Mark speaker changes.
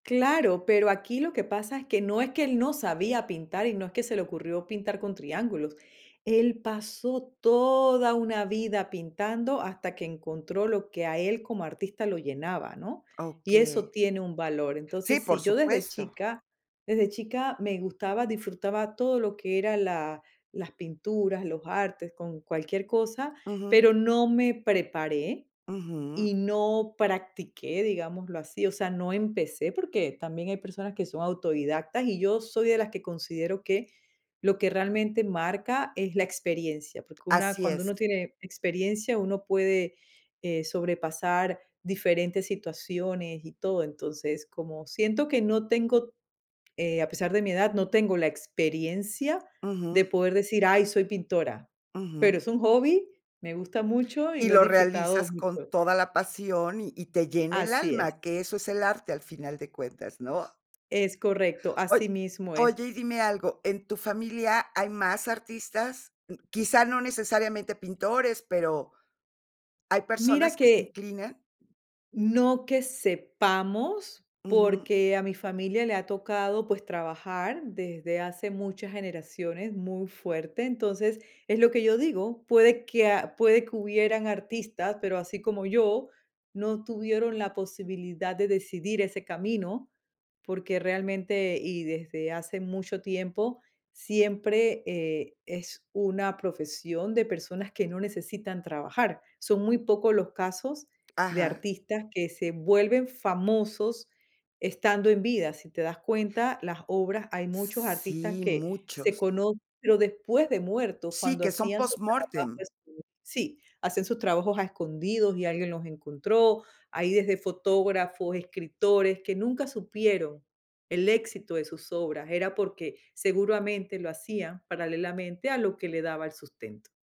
Speaker 1: Claro, pero aquí lo que pasa es que no es que él no sabía pintar, y no es que se le ocurrió pintar con triángulos, él pasó toda una vida pintando hasta que encontró lo que a él como artista lo llenaba, ¿no? Y eso
Speaker 2: Okey.
Speaker 1: tiene un valor.
Speaker 2: Sí,
Speaker 1: Entonces, si
Speaker 2: por
Speaker 1: yo desde
Speaker 2: supuesto.
Speaker 1: chica desde chica me gustaba, disfrutaba todo lo que era la las pinturas, los artes, con cualquier cosa,
Speaker 2: Ujú.
Speaker 1: pero no me preparé
Speaker 2: Ujú.
Speaker 1: y no practiqué, digámoslo así. O sea, no empecé porque también hay personas que son autodidactas, y yo soy de las que considero que lo que realmente marca es la experiencia. Porque una
Speaker 2: Así
Speaker 1: cuando
Speaker 2: es.
Speaker 1: uno tiene experiencia, uno puede, eh, sobrepasar diferentes situaciones y todo. Entonces, como siento que no tengo eh, a pesar de mi edad, no tengo la experiencia de
Speaker 2: Ujú.
Speaker 1: poder decir: "Ay, soy pintora", pero
Speaker 2: Ujú.
Speaker 1: es un hobby, me gusta mucho y
Speaker 2: Y
Speaker 1: lo he
Speaker 2: lo
Speaker 1: disfrutado
Speaker 2: realizas con
Speaker 1: mucho.
Speaker 2: toda la pasión, y y te llena el
Speaker 1: Así es.
Speaker 2: alma, que eso es el arte, al final de cuentas, ¿no?
Speaker 1: Es correcto,
Speaker 2: Oy
Speaker 1: así mismo es.
Speaker 2: oye, y dime algo, ¿en tu familia hay más artistas? Quizá, no necesariamente pintores pero, ¿hay
Speaker 1: Mira
Speaker 2: personas que se
Speaker 1: que
Speaker 2: inclinan?
Speaker 1: no que sepamos,
Speaker 2: Ujú.
Speaker 1: porque a mi familia le ha tocado, pues, trabajar desde hace muchas generaciones muy fuerte. Entonces, es lo que yo digo, puede que a puede que hubieran artistas, pero así como yo, no tuvieron la posibilidad de decidir ese camino, porque realmente y desde hace mucho tiempo, siempre, eh, es una profesión de personas que no necesitan trabajar. Son muy pocos los casos de
Speaker 2: Ajá.
Speaker 1: artistas que se vuelven famosos estando en vida. Si te das cuenta, las obras hay
Speaker 2: S
Speaker 1: muchos
Speaker 2: s
Speaker 1: artistas
Speaker 2: sí,
Speaker 1: que se
Speaker 2: muchos.
Speaker 1: cono pero después de muerto,
Speaker 2: Sí,
Speaker 1: cuando
Speaker 2: que son
Speaker 1: hacían sus
Speaker 2: post
Speaker 1: trabajos
Speaker 2: mortem.
Speaker 1: esco Sí, hacen sus trabajos a escondidos y alguien los encontró. Hay desde fotógrafos, escritores que nunca supieron el éxito de sus obras. Era porque seguramente lo hacían paralelamente a lo que le daba el sustento.